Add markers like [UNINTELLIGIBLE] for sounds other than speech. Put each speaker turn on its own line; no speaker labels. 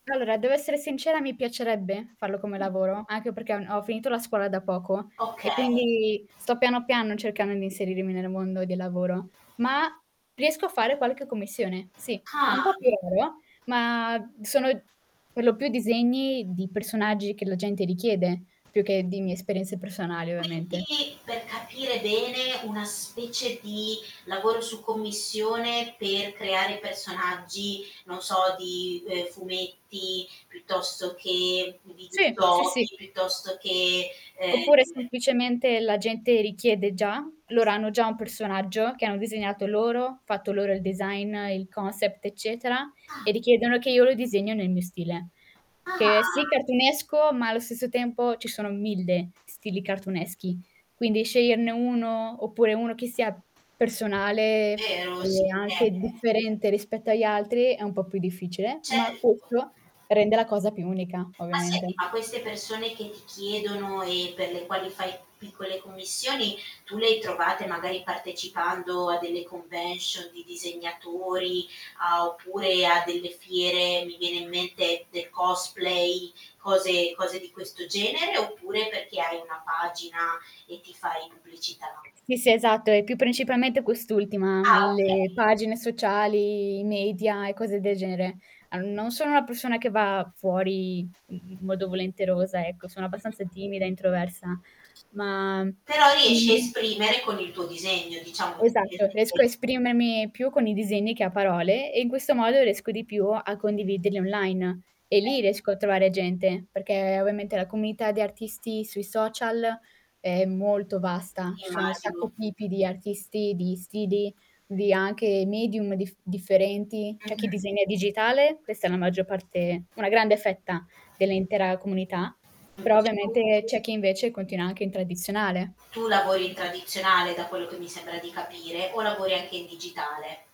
Allora, devo essere sincera, mi piacerebbe farlo come lavoro, anche perché ho n ho finito la scuola da poco e
Okay.
quindi sto piano, piano cercando di inserirmi nel mondo del lavoro, ma riesco a fare qualche commissione. Sì, un
Ah.
po' più lavoro, ma sono per lo più disegni di personaggi che la gente richiede, più che di mie esperienze personali ovviamente.
Quindi per capire bene, una specie di lavoro su commissione, per creare personaggi non so di, ehm, fumetti, piuttosto che di
Sì, sì, sì.
[UNINTELLIGIBLE] piuttosto che, ehm
Oppure semplicemente la gente richiede già, loro hanno già un personaggio che hanno disegnato loro, fatto loro il design, il concept eccetera e
Ah.
richiedono che io lo disegno nel mio stile. Che è, sì
Ah.
cartoonesco, ma allo stesso tempo ci sono 1000 stili cartooneschi, quindi sceglierne 1 oppure 1 che sia personale
Vero,
e
sì,
anche
ehm
differente, rispetto agli altri è un po' più difficile, ma
Certo.
questo rende la cosa più unica
Ma
ovviamente.
senti, ma queste persone che ti chiedono e per le quali fai piccole commissioni, tu le hai trovate magari partecipando a delle convention di disegnatori a oppure a delle fiere, mi viene in mente del cosplay, cose cose di questo genere, oppure perché hai una pagina e ti fai pubblicità?
Sì, sì, esatto, è più principalmente quest'ultima,
Ah,
le
okay.
pagine sociali, i media e cose del genere. Ehm, non sono una persona che va fuori n modo volenterosa ecco, sono
Mh-mh.
abbastanza timida e introversa, ma
Però riesci a
[UNINTELLIGIBLE]
esprimere con il tuo disegno diciamo
Esatto riesco
[UNINTELLIGIBLE]
a esprimermi più con i disegni che a parole, e in questo modo riesco di più a condividerli online e lì riesco a trovare gente, perché ovviamente la comunità di artisti sui social è molto vasta. Ci sono un
Immagino.
sacco tipi di artisti, di stili, di anche medium diff differenti, c'è chi
Mh-mh.
disegna digitale, questa è la maggior parte una grande fetta, dell'intera comunità,
Lo
però
dici tu.
ovviamente c'è chi invece continua anche in tradizionale.
Tu lavori in tradizionale, da quello che mi sembra di capire o lavori anche in digitale?